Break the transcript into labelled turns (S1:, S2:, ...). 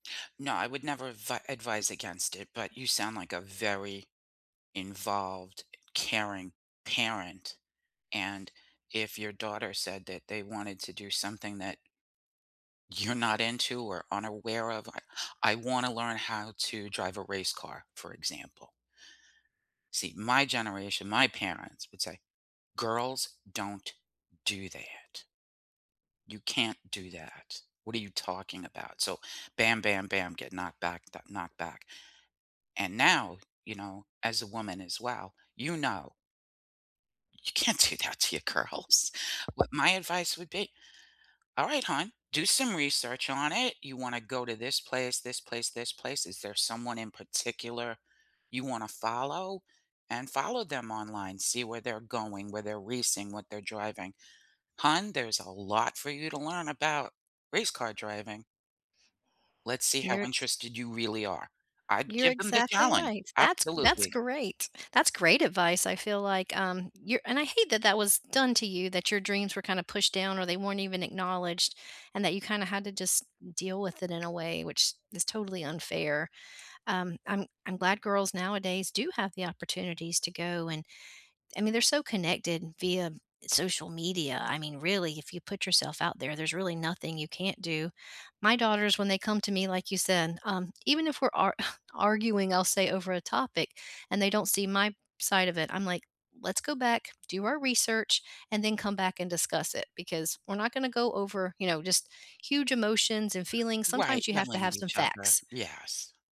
S1: No, I would never advi advise against it, but you sound, like, a very involved, caring parent. And if your daughter said that they wanted to do something that you're not into or unaware of, I I wanna learn how to drive a race car, for example see, my generation, my parents would say, girls don't do that you can't do that. What are you talking about? So bam, bam, bam, get knocked back, d knocked back, and now, you know, as a woman as well, you know you can't do that to your girls. What my advice would be, all right, hon, do some research on it. You wanna go to this place, this place, this place, is there someone in particular you wanna follow and follow them online, see where they're going, where they're racing, what they're driving, hon, there's a lot for you to learn about race car driving let's see how
S2: You're ex
S1: interested you really are. I'd
S2: You're
S1: give them the
S2: exactly
S1: challenge,
S2: right. That's that's
S1: absolutely.
S2: great. That's great advice. I feel, like, um, you're and I hate that that was done to you that your dreams were kinda pushed down or they weren't even acknowledged and that you kinda had to just deal with it in a way which is totally unfair. Um, I'm I'm glad girls nowadays do have the opportunities to go and I mean they're so connected via social media. I mean really if you put yourself out there, there's really nothing you can't do. My daughters, when they come to me like you said, um, even if we're ar arguing, I'll say over a topic and they don't see my side of it, I'm, like, let's go back, do our research, and then come back and discuss it because we're not gonna go over, you know, just huge emotions and feelings.
S1: Right,
S2: Sometimes you have to
S1: yelling at
S2: have some
S1: each other,
S2: facts.
S1: yes.